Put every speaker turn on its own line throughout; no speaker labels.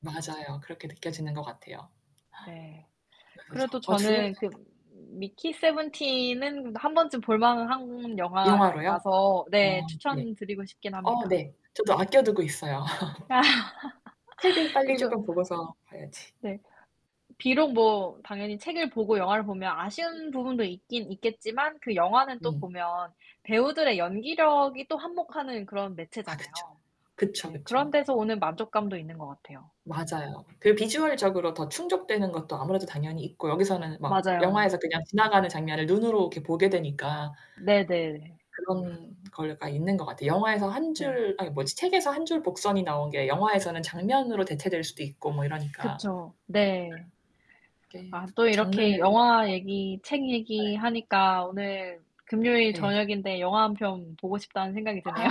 맞아요. 그렇게 느껴지는 것 같아요.
네.
그래서 저
그래도
어 둘
저는 그
다.
Mickey 17은 1 번쯤 볼 만한
영화로요?
영화라서
아
네
네.
추천드리고 싶긴
어
합니다.
네. 저도 아껴두고 있어요.
아.
책을 빨리
그리고
쪼끔 보고서 봐야지.
네. 비록 뭐 당연히 책을 보고 영화를 보면 아쉬운 부분도 있긴 있겠지만 그 영화는 또
음.
보면 배우들의 연기력이 또 한몫하는 그런
아 그쵸.
매체잖아요.
그쵸,
네, 그런
그쵸.
데서 오는 만족감도 있는 것 같아요.
맞아요. 그리고 비주얼적으로 더 충족되는 것도 아무래도 당연히 있고 여기서는 막
맞아요.
영화에서 그냥 지나가는 장면을 눈으로 이렇게 보게 되니까.
네네.
그런 거가 있는 것 같아. 영화에서 한
네.
줄 아니 뭐지? 책에서 한 줄 복선이 나온 게 영화에서는 장면으로 대체될 수도 있고 뭐 이러니까.
그렇죠. 네.
이게
아 또 이렇게
장르에.
영화 얘기, 책
네.
얘기하니까 오늘 금요일
네.
저녁인데 영화 1 편 보고 싶다는 생각이 드네요.
아,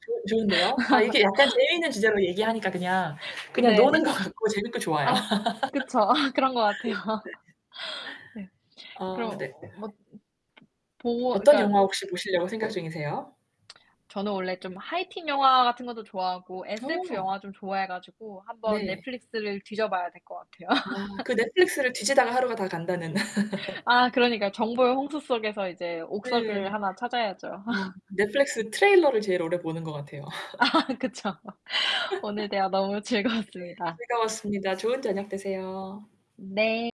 조 좋은데요. 아 이게 약간 재미있는 주제로 얘기하니까 그냥 그냥 노는
네.
것 같고 재밌고 좋아요.
아 그쵸. 그런 것 같아요. 네.
[unintelligible] 아
그럼
네.
뭐 보
어떤
그니까
영화 혹시 보시려고 생각 중이세요?
저는 원래 좀 High Teen 영화 같은 것도 좋아하고 SF
어.
영화 좀 좋아해 가지고 한번
네.
넷플릭스를 뒤져봐야 될 것 같아요.
아, 그 넷플릭스를 뒤지다가 하루가 다 간다는.
아 그러니까요 정보의 홍수 속에서 이제
네.
옥석을 하나 찾아야죠.
아 넷플릭스 트레일러를 제일 오래 보는 것 같아요.
아, 그쵸. 오늘 대화 너무
네
즐거웠습니다.
즐거웠습니다. 좋은 저녁 되세요.
네.